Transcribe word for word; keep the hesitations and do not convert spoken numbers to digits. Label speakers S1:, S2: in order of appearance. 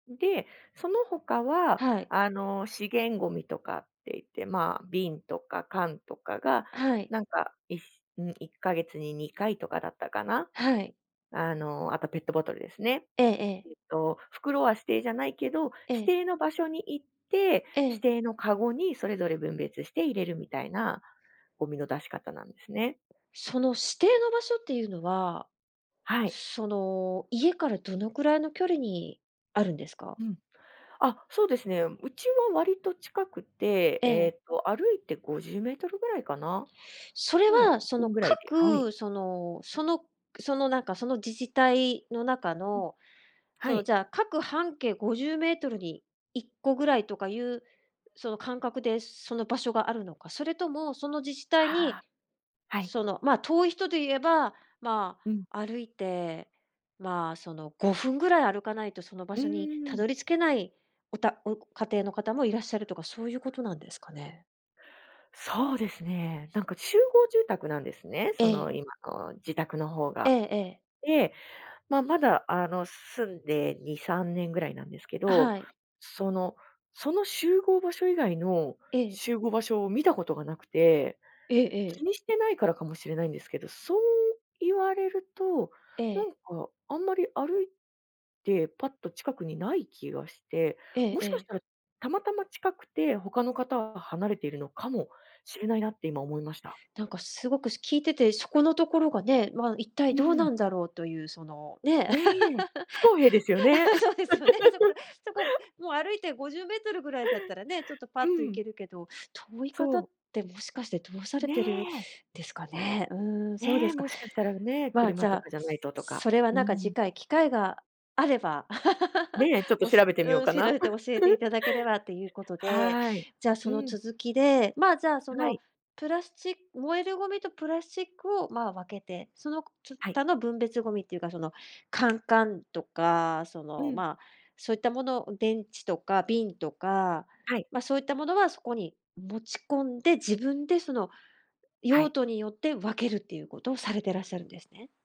S1: んで、そのほかは、
S2: はい。
S1: あの、資源ごみとかって言って、まあ、瓶とか缶とかが、
S2: はい。
S1: なんか、いにいっかげつににかいとかだったかな。
S2: はい。
S1: あの、あとペットボトルですね。
S2: ええええ。
S1: えっと袋は指定じゃないけど、
S2: え
S1: 指
S2: え。
S1: 定の場所に行って、
S2: え
S1: 指
S2: え。
S1: 定のかごにそれぞれ分別して入れるみたいな、ゴミの出し方なんですね。
S2: その指定の場所っていうのは、
S1: はい。
S2: その、家からどのくらいの距離にあるんですか？
S1: うん。あ、そうですね、うちは割と近くて、
S2: え
S1: え
S2: え。
S1: っと歩いてごじゅうメートルぐらいかな。
S2: それ
S1: うん、
S2: は、そ
S1: う
S2: の、
S1: ん、ぐらいで、はい。
S2: 各、そのそのその、なんかその自治体の中
S1: うん。
S2: の、
S1: は
S2: その、
S1: い。
S2: じゃあ各半径ごじゅうメートルにいっこぐらいとかいう、その感覚でその場所があるのか、それともその自治体
S1: は
S2: に、
S1: あ、はい。
S2: その、ま、遠い人で言えば、ま
S1: うん。
S2: あ、歩いて、まあ、その、ごふんぐらい歩かないとその場
S1: うー
S2: 所にた
S1: ん。
S2: どり着けない、おたお家庭の方もいらっしゃるとかそういうことなんですかね？
S1: そうですね。なんか集合住宅なんですね、
S2: え
S1: その
S2: え。
S1: 今の自宅のほう
S2: え
S1: が。
S2: えええ。
S1: で、ま、まだあの、住んでにさんねんぐらいなんですけ
S2: あ、
S1: ど、
S2: はい。
S1: そのその集合場所以外の
S2: ええ。
S1: 集合場所を見たことが無くて。
S2: ええ
S1: 気
S2: ええ。
S1: にしてないからかもしれないんですけど、そう言われると、
S2: え
S1: な
S2: え。
S1: んか、あんまり歩いてパッと近くにない気がして。
S2: ええ
S1: も
S2: え
S1: しかし
S2: え。
S1: たらたまたま近くて他の方は離れているのかもしれないなって今思いました。
S2: なんかすごくし聞いててそこのところがね、まあ一
S1: う
S2: 体
S1: ー
S2: どう
S1: ん。
S2: なんだろうというその、ね、
S1: ねえ。不公平ですよね。
S2: そうですよね。そこ、そこ、もう歩いてごじゅうメートルぐらいだったらね、ちょっとパ
S1: う
S2: ッと行
S1: ん。
S2: けるけど、遠い
S1: そ
S2: 方っ
S1: う。
S2: てもしかしてどうされ
S1: ね
S2: てる
S1: え。
S2: ですかね。うーん、そうで
S1: ねえ、
S2: すか。
S1: もしかしたらね、
S2: ま、じ
S1: 車と
S2: ゃあ、
S1: かじゃな
S2: す
S1: いととか。
S2: それは
S1: うー
S2: なんか次
S1: ん。
S2: 回機会があれば、
S1: ねえ、ちょっ と
S2: お
S1: 調
S2: し
S1: べて
S2: う
S1: みよう
S2: ーん、
S1: か
S2: 知
S1: な。
S2: られて教えてい ただければということで。
S1: はい。
S2: じゃ、
S1: う
S2: その
S1: ん。
S2: 続きで、まあ、じゃあ、そ
S1: は
S2: の、
S1: い。
S2: プラスチッ燃えるゴミとプラスチックを、まあ、分けて、そのこつ
S1: はい。
S2: たの分別ゴミっていうかその、缶かんとか、そ
S1: う
S2: の、
S1: ん。
S2: ま、そういったものを電池とか瓶とか、
S1: はい。
S2: ま、そういったものはそこに持ち込んで、自分でその
S1: は
S2: 用
S1: い。
S2: 途によって分けるっていうことをされてらっしゃるんですね？